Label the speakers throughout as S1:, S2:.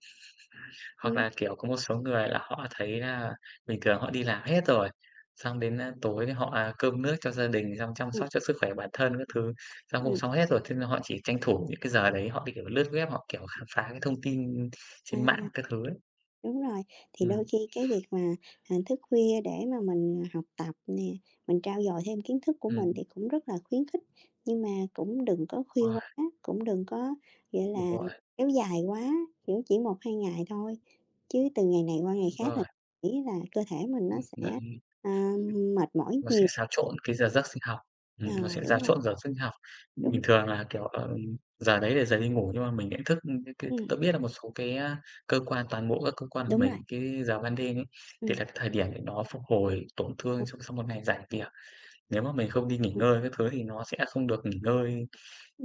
S1: Hoặc
S2: Ừm.
S1: là, kiểu, có một số người là họ thấy là bình thường họ đi làm hết rồi, xong đến, a, tối họ, à, cơm nước cho gia đình, xong chăm
S2: Ừm.
S1: sóc cho sức khỏe bản thân các thứ, xong cũng
S2: Ừm.
S1: xong hết rồi, thế nên họ chỉ tranh thủ những cái giờ đấy, họ cái, kiểu, lướt web, họ, kiểu, khám phá cái thông tin
S2: À,
S1: trên mạng các thứ ấy.
S2: đúng rồi, thì đôi
S1: Ừm.
S2: khi cái việc mà, à, thức khuya để mà mình, à, học tập nè, mình trau dồi thêm kiến thức của mình
S1: Ừm.
S2: thì cũng rất là khuyến khích, nhưng mà cũng đừng có khuya
S1: Uầy.
S2: quá, cũng đừng có, gọi
S1: Đúng
S2: là,
S1: rồi.
S2: kéo dài quá, kiểu, chỉ 1-2 ngày thôi, chứ từ ngày này qua ngày
S1: Đúng
S2: khác thì
S1: rồi.
S2: m nghĩ là cơ thể mình nó
S1: Ừm,
S2: sẽ,
S1: n
S2: à, mệt mỏi
S1: nó sẽ
S2: nhiều.
S1: xáo trộn cái giờ giấc sinh học,
S2: Ờ,
S1: ừm, nó sẽ
S2: đúng
S1: xáo
S2: rồi.
S1: trộn giờ sinh học.
S2: Đúng.
S1: Bình thường là, kiểu, ờ, giờ đấy là giờ đi ngủ nhưng mà mình nhận thức, ưm, cái cái tớ
S2: Ừm.
S1: biết là một số cái, a, cơ quan toàn bộ các cơ quan của
S2: Đúng rồi.
S1: mình, cái giờ ban đêm ấy, thì
S2: Ừm.
S1: là cái thời điểm để nó phục hồi tổn thương sau sau một ngày rảnh việc. Nếu mà mình không đi nghỉ
S2: Ừm.
S1: ngơi các thứ thì nó sẽ không được nghỉ ngơi,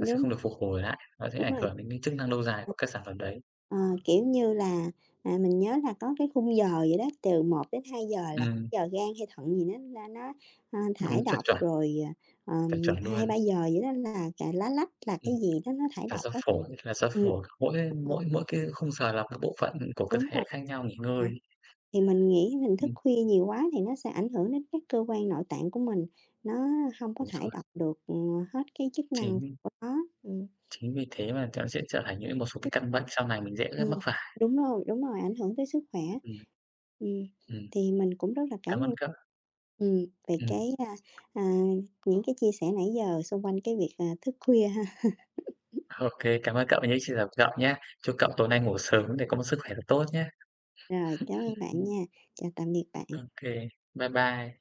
S1: nó sẽ không được phục hồi lại, nó sẽ
S2: Đúng
S1: ảnh
S2: rồi,
S1: hưởng đến cái chức năng lâu dài của các sản phẩm đấy.
S2: ờ, kiểu như là, à, mình nhớ là có cái khung giờ gì đó từ 1:00-2:00 là c
S1: Ừm.
S2: giờ gan hay thận gì nó ra nó, ơ,
S1: Đúng,
S2: thải
S1: chuẩn,
S2: độc,
S1: chuẩn.
S2: rồi, à,
S1: Chuẩn,
S2: ờm,
S1: chuẩn
S2: hai ba
S1: luôn.
S2: giờ gì đó là cà lá lách, là
S1: Ừm,
S2: cái gì đó nó thải
S1: là
S2: độc
S1: do
S2: á,
S1: phổi, là do
S2: ừm,
S1: phổi, mỗi
S2: ờ.
S1: mỗi mỗi cái khung giờ là các bộ phận, ưm, của cơ
S2: Đúng
S1: thể
S2: rồi,
S1: khác nhau nghỉ ngơi.
S2: ờ, thì mình nghĩ mình thức
S1: Ừm.
S2: khuya nhiều quá thì nó sẽ ảnh hưởng đến các cơ quan nội tạng của mình, nó hông có
S1: Đúng
S2: thải
S1: rồi.
S2: độc được, ừm, hết cái chức năng
S1: Chính
S2: của nó, ừm.
S1: chính vì thế mà nó sẽ trở thành những một số cái căn bệnh sau này mình dễ rất
S2: Ừm,
S1: mắc phải.
S2: đúng rồi, đúng rồi, ảnh hưởng tới sức khỏe,
S1: Ừm.
S2: ừm,
S1: Ừm.
S2: thì mình cũng rất là cảm
S1: Cảm ơn
S2: ơn
S1: cậu.
S2: ừm, về
S1: Ừm.
S2: cái, a, à, những cái chia sẻ nãy giờ xung quanh cái việc, à, thức khuya ha.
S1: OK, cảm ơn cậu nhé, xin chào cậu nhá. Chúc cậu tối nay ngủ sớm để có một sức khỏe thật tốt nhé.
S2: Rồi, cảm ơn bạn nha, chào tạm biệt bạn.
S1: OK, bye bye.